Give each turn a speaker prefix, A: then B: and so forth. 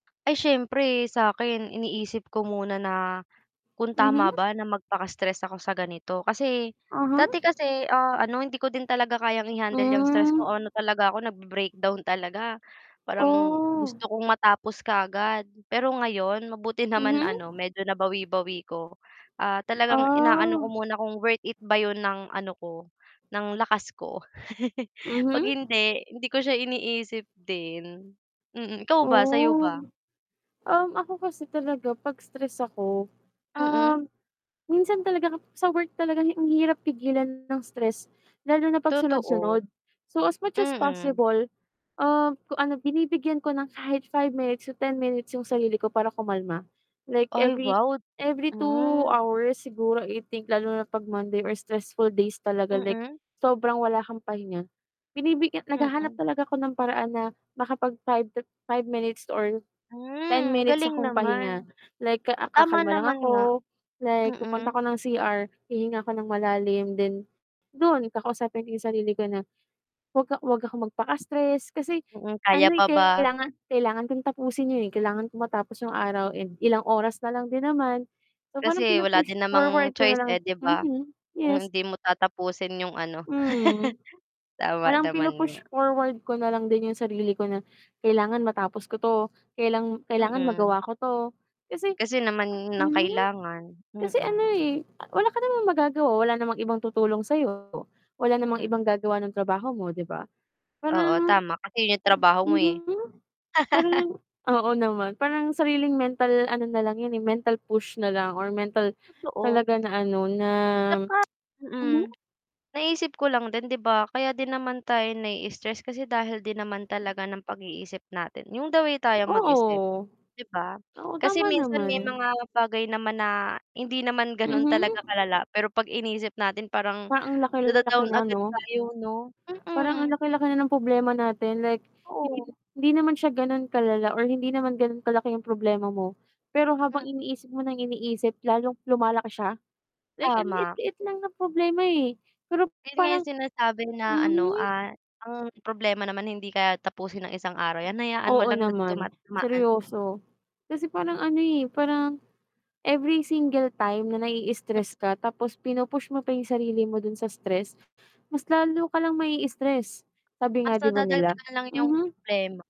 A: Ay siyempre sakin iniisip ko muna na, kung tama
B: Mhm.
A: ba na magpaka-stress ako sa ganito kasi, dati
B: Uh-huh.
A: kasi, ah, ano hindi ko din talaga kayang i-handle yang stress
B: Hmm.
A: ko, ano talaga ako nag-be-breakdown talaga, parang
B: Oh.
A: gusto kong matapos kaagad, pero ngayon mabuti naman ano
B: Mhm.
A: medyo nabawi-bawi ko. Ah, talagang inaano ko
B: Ah.
A: muna kung worth it ba yun ng ano ko, ng lakas ko pag
B: Mhm.
A: hindi, hindi ko siya iniisip din. Mm, ikaw ba sayo
B: Oh,
A: ba?
B: um, ako kasi talaga 'pag stress ako,
A: Mm.
B: um, minsan talaga kap sa work talaga hi ang hirap pigilan ng stress, lalo na
A: Totoo.
B: pagsunod-sunod. So as much as
A: Mm.
B: possible, um, kung ano binibigyan ko ng kahit 5 minutes to 10 minutes yung sarili ko para kumalma, like
A: Ay
B: every
A: wow,
B: every two
A: hmm.
B: hours siguro I think lalo na 'pag Monday or stressful days talaga like
A: Mm.
B: sobrang wala kang pahinga. Binibigyan naghahanap
A: Mm.
B: talaga ako ng paraan na makapag 5 to five minutes or ten
A: Hmm,
B: minutes
A: galing
B: akong
A: naman.
B: pahinga, like, ah,
A: Tama
B: kakalma lang
A: naman nga,
B: ako, like pupunta ako
A: mm.
B: ng CR, hihinga ko ng malalim then, dun kakausapin ko yung sarili ko na, 'wag ka 'wag akong magpaka-stress kasi
A: Mm, kaya
B: ano eh
A: pa ba?
B: kailangan, kailangan kong tapusin yun eh, kailangan kong matapos yung araw and ilang oras nalang din naman, so parang
A: Kasi wala
B: pinu-push
A: din
B: forward
A: namang
B: ko
A: choice
B: nalang
A: eh 'di ba?
B: mhm,
A: Kung
B: yes.
A: hindi mo tatapusin yung ano.
B: Mhm,
A: Tama
B: parang
A: naman nga.
B: pinu-push forward ko na lang din yung sarili ko na, kailangan matapos ko 'to, kailang kailangan
A: Mm.
B: magawa ko 'to, kasi
A: Kasi naman ng
B: mhm,
A: kailangan,
B: kasi ano
A: mm.
B: eh wala ka namang magagawa, wala namang ibang tutulong sayo wala namang
A: Mm.
B: ibang gagawa ng trabaho mo 'di ba?
A: Oo,
B: Parang,
A: tama kasi yun trabaho mo eh.
B: mhm parang oo naman, parang sariling mental ano nalang yun eh, mental push nalang or mental,
A: Totoo.
B: talaga na ano na,
A: Tsaka mm,
B: mhm.
A: naisip ko lang din 'di ba, kaya din naman tayo naii-stress kasi dahil din naman talaga ng pag-iisip natin, yung the way tayong mag-isip
B: Oo.
A: 'di ba?
B: Oo,
A: Kasi
B: tama
A: minsan may
B: naman.
A: mga bagay naman na hindi naman ganon
B: Mhm.
A: talaga kalala pero 'pag inisip natin parang
B: Parang ang laki-laki
A: nada-down
B: na
A: agad
B: 'no.
A: tayo 'no,
B: Parang ang
A: mm.
B: laki-laki na ng problema natin like,
A: Oo.
B: hindi hindi naman siya ganun kalala or hindi naman ganun kalaki yung problema mo, pero habang
A: Mm.
B: iniisip mo nang iniisip, lalong lumalaki siya, like ang
A: Tama.
B: liit-liit lang ng problema eh, pero
A: Yun nga
B: parang
A: yung sinasabi na ano, ah,
B: mhm.
A: ang problema naman hindi kaya tapusin ang isang araw yan, hayaan mo
B: Oo
A: lang na duma
B: naman,
A: dumaan.
B: seryoso. Kasi parang ano eh, parang every single time na naii-stress ka tapos pinu-push mo pa yung sarili mo dun sa stress, mas lalo ka lang mai-stress, sabi nga
A: Mas
B: 'di ba nila,
A: nadadagdagan lang yung
B: mhm.
A: problema.